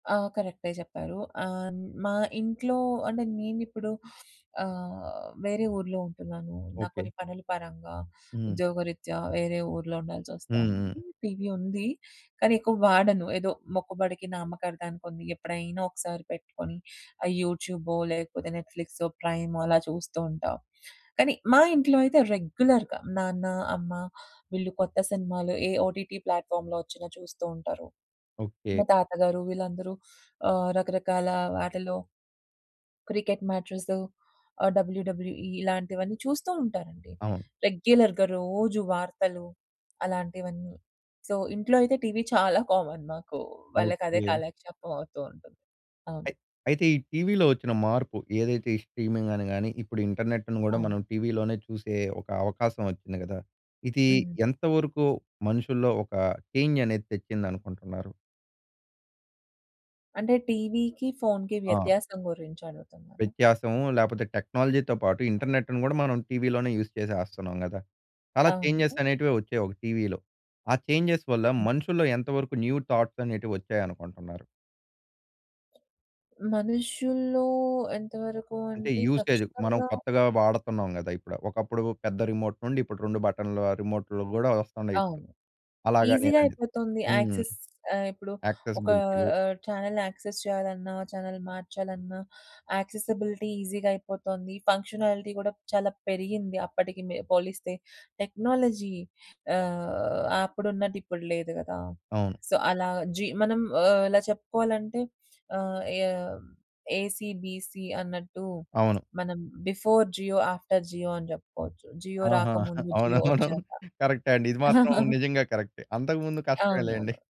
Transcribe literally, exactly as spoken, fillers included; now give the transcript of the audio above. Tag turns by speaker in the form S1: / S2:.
S1: ఆ! కరెక్టే చెప్పారు. ఆహ్, మా ఇంట్లో అంటే నేనిప్పుడు ఆహ్, వేరే ఊర్లో ఉంటున్నాను. నాకు కొన్ని
S2: ఓకే.
S1: పనుల పరంగా
S2: హ్మ్.
S1: ఉద్యోగరీత్యా వేరే ఊర్లో
S2: హ్మ్.
S1: ఉండాల్సొస్తోంది.
S2: హ్మ్.
S1: టీవీ ఉంది కానీ ఎక్కువ వాడను. ఏదో మొక్కుబడికి నామకార్థానికి ఉంది. ఎప్పుడైనా ఒకసారి పెట్టుకొని ఆ యూట్యూబో లేకపోతే నెట్‌ఫ్లిక్సో, ప్రైమో అలా చూస్తూ ఉంటాను. కానీ మా ఇంట్లో అయితే రెగ్యులర్‌గా నాన్న అమ్మ వీళ్ళు కొత్త సినిమాలు ఏ ఓటీటీ ప్లాట్‌ఫార్మ్‌లో వచ్చిన చూస్తూ ఉంటారు.
S2: ఓకే.
S1: మా తాతగారు వీళ్ళందరూ ఆహ్, రకరకాల వాటిలో క్రికెట్ మ్యాచెసు ఆహ్, డబల్యుడబల్యుఈ ఇలాంటివన్నీ చూస్తూ ఉంటారండి.
S2: అవును.
S1: రెగ్యులర్‌గా రోజు వార్తలు అలాంటివన్నీ. సో, ఇంట్లో అయితే టీవీ చాలా కామన్ మాకు. వాళ్ళకదే
S2: ఓకే.
S1: కాలక్షేపం అవుతూ ఉంటుంది. అవును.
S2: అయి అయితే ఈ టీవీలో వచ్చిన మార్పు ఏదైతే ఈ స్ట్రీమింగని గాని ఇప్పుడు ఇంటర్నెట్‌ని కూడా
S1: అవును.
S2: మనం టీవీలోనే చూసే ఒక అవకాశం ఒచ్చింది కదా! ఇది
S1: హ్మ్.
S2: ఎంత వరకు మనుషుల్లో ఒక చేంజ్ అనేది తెచ్చిందనుకుంటున్నారు?
S1: అంటే టీవీకి ఫోన్‌కి
S2: ఆ!
S1: వ్యత్యాసం గురించి అడుగుతున్నారా?
S2: వ్యత్యాసము లేకపోతే టెక్నాలజీతో పాటు ఇంటర్నెట్‌ని కూడా మనం టీవీలోనే యూజ్ చేసేస్తున్నాం కదా! చాలా చేంజ్‌స్
S1: అవును.
S2: అనేటివే వచ్చాయి ఒక టీవీలో. ఆ చేంజ్‌స్ వల్ల
S1: హ్మ్.
S2: మనుషుల్లో ఎంతవరకు న్యూ థాట్స్ అనేటివొచ్చాయనుకుంటున్నారు?
S1: మనుషుల్లో ఎంతవరకు
S2: అంటే
S1: అంటే
S2: యూసేజ్ మనం
S1: ఖచ్చితంగా
S2: కొత్తగా వాడుతున్నాం కదా ఇప్పుడు. ఒకప్పుడు పెద్ద రిమోట్ నుండి ఇప్పుడు రెండు బటన్‌ల రిమోట్‌లు కూడా వస్తున్నాయిప్పుడు
S1: అవును.
S2: అలాగా
S1: ఈజీగా
S2: నేననేది.
S1: అయిపోతుంది
S2: హ్మ్.
S1: యాక్సెస్ ఆహ్, ఇప్పుడు ఒకా
S2: యాక్సెసిబిలిటీలు.
S1: ఆహ్, చానెల్ యాక్సెస్ చేయాలన్నా చానెల్ మార్చాలన్నా యాక్సెసిబిలిటీ ఈజీగా అయిపోతోంది. ఫంక్షనాలిటీ కూడా చాలా పెరిగింది అప్పటికి మె పోలిస్తే. టెక్నాలజీ ఆహ్, అప్పుడున్నదిప్పుడు లేదు కదా!
S2: అవును.
S1: సో, అలా జి మనం ఆహ్, ఇలా చెప్పుకోవాలంటే ఆహ్, ఏ ఏసీ బీసీ అన్నట్టు.
S2: అవును.
S1: మనం బిఫోర్ జియో ఆఫ్టర్ జియో అని చెప్పుకోవచ్చు. జియో
S2: ఆహా!
S1: రాకముందు.
S2: అవును.
S1: జియో
S2: మనం
S1: వచ్చాక.
S2: కరెక్టే అండి. ఇది మాత్రం నిజంగా కరెక్టే. అంతకుముందు కష్టమే లెండి.
S1: అవునవును.